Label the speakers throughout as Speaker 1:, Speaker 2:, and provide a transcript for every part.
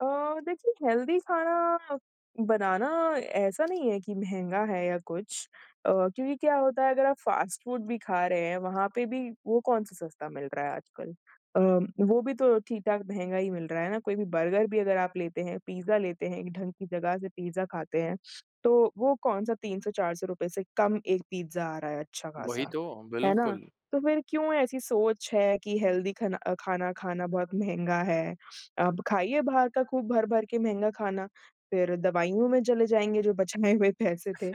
Speaker 1: अ, देखिए हेल्दी खाना बनाना ऐसा नहीं है कि महँगा है या कुछ अ, क्योंकि क्या होता है अगर आप फ़ास्ट फूड भी खा रहे हैं, वहाँ पे भी वो कौन-सा सस्ता मिल रहा है आजकल। अ, वो भी तो ठीक-ठाक महँगा ही मिल रहा है ना, कोई भी बर्गर भी अगर आप लेते हैं, पिज्जा लेते हैं एक ढंग की जगह से पिज्जा खाते हैं, तो वो कौन-सा ₹300-400 से कम 1 पिज्जा आ रहा है अच्छा
Speaker 2: वही
Speaker 1: ख़ासा,
Speaker 2: तो,
Speaker 1: है ना?
Speaker 2: बिल्कुल।
Speaker 1: तो फिर क्यों ऐसी सोच है कि हेल्दी खना अ, खाना खाना बहुत महँगा है। अब खाइए बाहर का खूब भर-भर के महँगा खाना, फिर दवाइयों में चले जाएँगे जो बचाए हुए पैसे थे,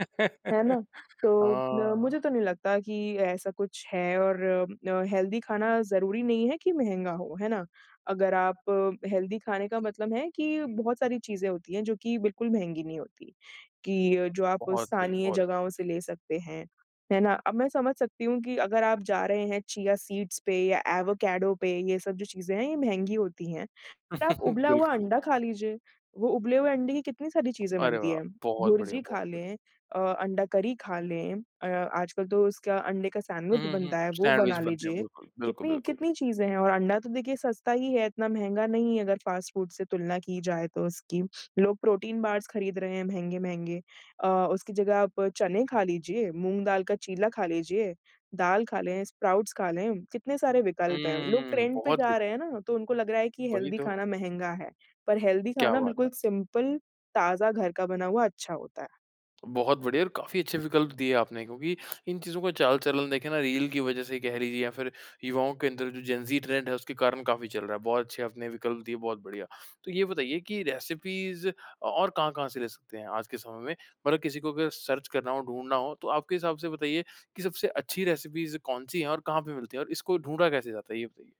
Speaker 1: है ना? तो अ,
Speaker 2: हाँ।
Speaker 1: मुझे तो नहीं लगता कि ऐसा कुछ है और अ, हेल्दी खाना ज़रूरी नहीं है कि महँगा हो, है ना? अगर आप हेल्दी खाने का मतलब है कि बहुत सारी चीज़ें होती हैं जो कि बिल्कुल महँगी नहीं होती। कि जो आप
Speaker 2: बहुत सही
Speaker 1: स्थानीय
Speaker 2: बहुत।
Speaker 1: जगहों से ले सकते हैं। है ना? अब मैं समझ सकती हूँ कि अगर आप जा रहे हैं चिया सीड्स पे या एवाकाडो पे ये सब जो चीज़ें हैं ये महँगी होती हैं, आप उबला हुआ
Speaker 2: बिल्कुल।
Speaker 1: अंडा खा लीजिए। वो उबले हुए अंडे की कितनी सारी चीज़ें
Speaker 2: अरे
Speaker 1: बनती
Speaker 2: वाह!
Speaker 1: हैं,
Speaker 2: बहुत बढ़िया
Speaker 1: भुर्जी खा
Speaker 2: बहुत।
Speaker 1: लें अ, अंडा करी खा लें अ, आजकल तो उसका अंडे का
Speaker 2: हुँ,
Speaker 1: सैंडविच
Speaker 2: हुँ, हुँ।
Speaker 1: बनता है वो
Speaker 2: सैंडविच
Speaker 1: बना
Speaker 2: बनते हैं
Speaker 1: लीजिए।
Speaker 2: बिल्कुल, बिल्कुल,
Speaker 1: कितनी
Speaker 2: बिल्कुल बि
Speaker 1: कितनी चीज़ें हैं और अंडा तो देखिए सस्ता ही है इतना महँगा नहीं है अगर फ़ास्ट फूड से तुलना की जाए तो उसकी। लोग प्रोटीन बार्स खरीद रहे हैं महँगे-महँगे अ, उसकी जगह आप चने खा लीजिए, मूँग दाल का चीला खा लीजिए, दाल खा लें, स्प्राउट्स खा लें, कितने सारे विकल्प हैं। लोग
Speaker 2: हम्म,
Speaker 1: ट्रेंड पे
Speaker 2: बहुत सही।
Speaker 1: जा रहे हैं ना, तो उनको लग रहा है कि
Speaker 2: वही
Speaker 1: हेल्दी
Speaker 2: तो।
Speaker 1: खाना महँगा है पर हेल्दी
Speaker 2: क्या
Speaker 1: खाना
Speaker 2: बात है।
Speaker 1: बिल्कुल सिंपल, ताज़ा घर का बना हुआ अच्छा होता है।
Speaker 2: बहुत बढ़िया और काफ़ी अच्छे विकल्प दिए आपने क्योंकि इन चीज़ों का चाल-चलन देखें ना रील की वज़ह से कह लिजिए या फिर युवाओं के अंदर जो जेनजी ट्रेंड है उसके कारण काफ़ी चल रहा है, बहुत अच्छे आपने विकल्प दिए बहुत बढ़िया। तो ये बताइए कि रेसिपीज़ और कहाँ-कहाँ से ले सकते हैं आज के समय में, मतलब किसी को अगर सर्च करना हो, ढूँढ़ना हो, तो आपके हिसाब से बताइए कि सबसे अच्छी रेसिपीज़ कौन-सी हैं और कहाँ पे मिलती हैं और इसको ढूँढा कैसे जाता है? ये बताइए।